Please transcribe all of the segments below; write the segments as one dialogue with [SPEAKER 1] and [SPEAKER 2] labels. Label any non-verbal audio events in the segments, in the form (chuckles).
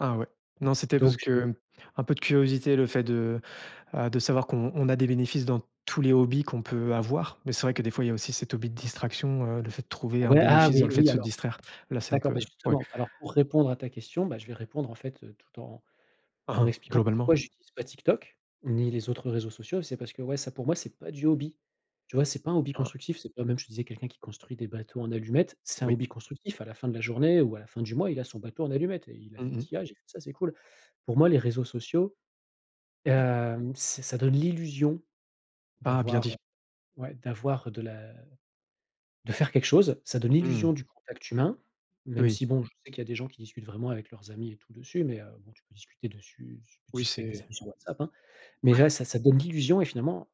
[SPEAKER 1] Ah ouais, non c'était parce
[SPEAKER 2] Donc je
[SPEAKER 1] que un peu de curiosité, le fait de, heu, de savoir qu'on on a des bénéfices dans tous les hobbies qu'on peut avoir. Mais c'est vrai que des fois, il y a aussi cet hobby de distraction, heu, le fait de trouver un
[SPEAKER 2] Ouais, ah
[SPEAKER 1] bénéfice dans
[SPEAKER 2] oui,
[SPEAKER 1] le fait de
[SPEAKER 2] oui,
[SPEAKER 1] se
[SPEAKER 2] alors,
[SPEAKER 1] distraire, là c'est un
[SPEAKER 2] d'accord,
[SPEAKER 1] peu
[SPEAKER 2] bah,
[SPEAKER 1] ouais.
[SPEAKER 2] justement, alors pour répondre à ta question, bah, je vais répondre, en fait, tout en en
[SPEAKER 1] Aha.
[SPEAKER 2] expliquant pourquoi
[SPEAKER 1] Globalement.
[SPEAKER 2] j'utilise pas TikTok, ni les autres réseaux sociaux, c'est parce que, ouais, ça pour moi, c'est pas du hobby. Tu vois, c'est pas un hobby
[SPEAKER 1] (unintelligible)
[SPEAKER 2] constructif, c'est pas même je te disais quelqu'un qui construit des bateaux en allumettes, c'est un
[SPEAKER 1] Oui.
[SPEAKER 2] hobby constructif, à la fin de la journée ou à la fin du mois, il a son bateau en allumettes et il a fait
[SPEAKER 1] Mmh mh.
[SPEAKER 2] tillage et ça c'est cool. Pour moi les réseaux sociaux,
[SPEAKER 1] Ouais.
[SPEAKER 2] hem, ç ça donne l'illusion
[SPEAKER 1] Ah, bien
[SPEAKER 2] d'avoir,
[SPEAKER 1] dit.
[SPEAKER 2] ouais, d'avoir de la de faire quelque chose, ça donne l'illusion
[SPEAKER 1] Mmh.
[SPEAKER 2] du contact humain, même
[SPEAKER 1] Oui.
[SPEAKER 2] si bon, je sais qu'il y a des gens qui discutent vraiment avec leurs amis et tout dessus, mais heu, bon, tu peux discuter dessus su tu peux
[SPEAKER 1] Oui,
[SPEAKER 2] discuter avec tes
[SPEAKER 1] c'est
[SPEAKER 2] amis sur WhatsApp, hein? Mais
[SPEAKER 1] Ouais.
[SPEAKER 2] là, ça ça donne l'illusion et finalement,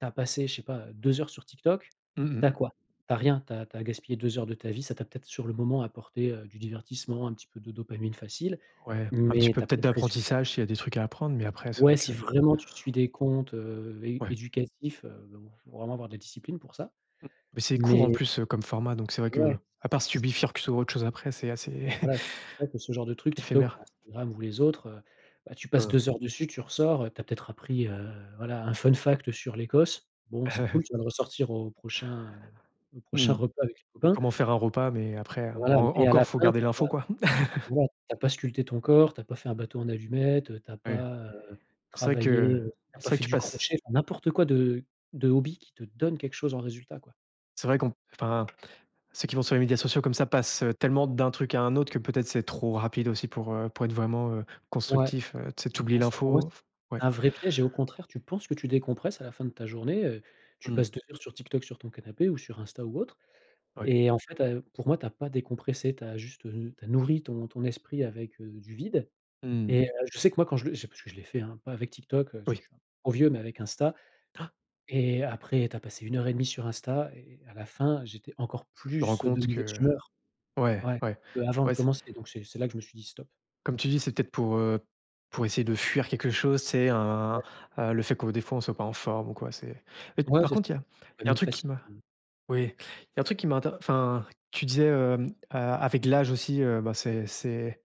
[SPEAKER 2] tu as passé, je sais pas, 2 heures sur TikTok,
[SPEAKER 1] Mmh mh.
[SPEAKER 2] tu as quoi? Tu as rien, tu as tu as gaspillé 2 heures de ta vie, ça t'a peut-être sur le moment apporté, heu, du divertissement, un petit peu de dopamine facile,
[SPEAKER 1] Ouais un petit
[SPEAKER 2] mais
[SPEAKER 1] peu
[SPEAKER 2] tu as pas
[SPEAKER 1] peut-être
[SPEAKER 2] de résultats.
[SPEAKER 1] d'apprentissage, s'il y a des trucs à apprendre mais après, c'est vrai
[SPEAKER 2] Ouais
[SPEAKER 1] que
[SPEAKER 2] si vraiment tu suis des comptes, heu, é
[SPEAKER 1] Ouais.
[SPEAKER 2] éducatifs, mais bon (blows air) il faut vraiment avoir de la discipline pour ça.
[SPEAKER 1] M mais c'est court en
[SPEAKER 2] Mais
[SPEAKER 1] plus, heu, comme format, donc c'est vrai
[SPEAKER 2] ouais,
[SPEAKER 1] qu'à part si tu
[SPEAKER 2] c'est pour
[SPEAKER 1] bifurques sur autre chose après, c'est assez
[SPEAKER 2] voilà, c'est pour ça que ce genre de
[SPEAKER 1] (chuckles)
[SPEAKER 2] trucs, TikTok
[SPEAKER 1] éphémère.
[SPEAKER 2] ou Instagram ou les autres, heu, bah, tu passes
[SPEAKER 1] Hein.
[SPEAKER 2] 2 heures dessus tu ressors, heu, tu as peut-être appris, heu, voilà, un fun fact sur l'Écosse, bon, c'est cool,
[SPEAKER 1] (chuckles)
[SPEAKER 2] tu vas le ressortir au prochain, heu, au prochain
[SPEAKER 1] Mmh.
[SPEAKER 2] repas avec les
[SPEAKER 1] Ou
[SPEAKER 2] copains
[SPEAKER 1] comment faire un repas, mais après, hem,
[SPEAKER 2] voilà,
[SPEAKER 1] en
[SPEAKER 2] mais à la
[SPEAKER 1] encore faut
[SPEAKER 2] fin,
[SPEAKER 1] garder
[SPEAKER 2] tu as
[SPEAKER 1] l'info,
[SPEAKER 2] pas
[SPEAKER 1] quoi. (chuckles)
[SPEAKER 2] voilà tu as pas sculpté ton corps, tu as pas fait un bateau en allumettes, heu, tu as
[SPEAKER 1] Oui.
[SPEAKER 2] pas, heu,
[SPEAKER 1] C'est vrai que
[SPEAKER 2] travaillé, heu, tu as
[SPEAKER 1] c'est
[SPEAKER 2] pas
[SPEAKER 1] vrai
[SPEAKER 2] fait
[SPEAKER 1] que tu
[SPEAKER 2] du
[SPEAKER 1] passes
[SPEAKER 2] crochet, enfin n'importe quoi de de hobby qui te donne quelque chose en résultat, quoi.
[SPEAKER 1] c'est vrai qu'on enfin ceux qui vont sur les médias sociaux, comme ça, passent, heu, tellement d'un truc à un autre que, peut-être, c'est trop rapide aussi pour, heu, pour être vraiment, heu,
[SPEAKER 2] Ouais,
[SPEAKER 1] constructif, heu. Tu sais, tu oublies
[SPEAKER 2] ah ça pour moi,
[SPEAKER 1] l'info
[SPEAKER 2] c'est
[SPEAKER 1] f ouais.
[SPEAKER 2] c'est un vrai piège et au contraire, tu penses que tu décompresses à la fin de ta journée, heu, tu
[SPEAKER 1] Mmh.
[SPEAKER 2] passes 2 heures sur TikTok, sur ton canapé ou sur Insta ou autre,
[SPEAKER 1] Ouais.
[SPEAKER 2] et en fait, heu, pour moi tu as pas décompressé, tu as juste, heu, tu as nourri ton ton esprit avec, heu, du vide.
[SPEAKER 1] Mmh mh.
[SPEAKER 2] Et heu, je sais que moi quand je le c'est parce que je l'ai fait, hein, pas avec TikTok, heu, parce que
[SPEAKER 1] Oui.
[SPEAKER 2] je suis un peu trop vieux mais avec Insta,
[SPEAKER 1] (gasps)
[SPEAKER 2] et après tu as passé 1 heure et demie sur Insta, et à la fin, j'étais encore
[SPEAKER 1] Rends
[SPEAKER 2] plus, heu, de
[SPEAKER 1] compte
[SPEAKER 2] mauvaise
[SPEAKER 1] que
[SPEAKER 2] humeur,
[SPEAKER 1] ouais,
[SPEAKER 2] ouais,
[SPEAKER 1] ouais,
[SPEAKER 2] qu'avant de
[SPEAKER 1] ouais, c
[SPEAKER 2] commencer. Donc c'est c'est là que je me suis dit: «Stop.»
[SPEAKER 1] Comme tu dis, c'est peut-être pour, heu, pour essayer de fuir quelque chose, tu sais un
[SPEAKER 2] Ouais.
[SPEAKER 1] heu, le fait que, des fois, on soit pas en forme ou quoi, c'est et
[SPEAKER 2] Ouais
[SPEAKER 1] par
[SPEAKER 2] c'est ça.
[SPEAKER 1] contre
[SPEAKER 2] Tu as
[SPEAKER 1] il y
[SPEAKER 2] de
[SPEAKER 1] a
[SPEAKER 2] la
[SPEAKER 1] il y a un
[SPEAKER 2] dopamine
[SPEAKER 1] truc qui
[SPEAKER 2] facile,
[SPEAKER 1] m'a
[SPEAKER 2] mmh.
[SPEAKER 1] oui, il y a un truc qui m'a inter enfin tu disais, heu, a avec l'âge aussi, heu, ben, c'est c'est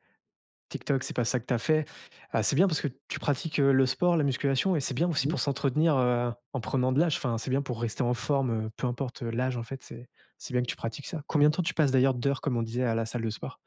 [SPEAKER 1] TikTok, c'est pas ça que tu as fait. Heu, c'est bien parce que tu pratiques, heu, le sport, la musculation et c'est bien aussi
[SPEAKER 2] Mmh?
[SPEAKER 1] pour s'entretenir, heu, en prenant de l'âge, enfin, c'est bien pour rester en forme, heu, peu importe l'âge, en fait, c'est c'est bien que tu pratiques ça. Combien de temps tu passes, d'ailleurs, d'heures, comme on disait, à la salle de sport?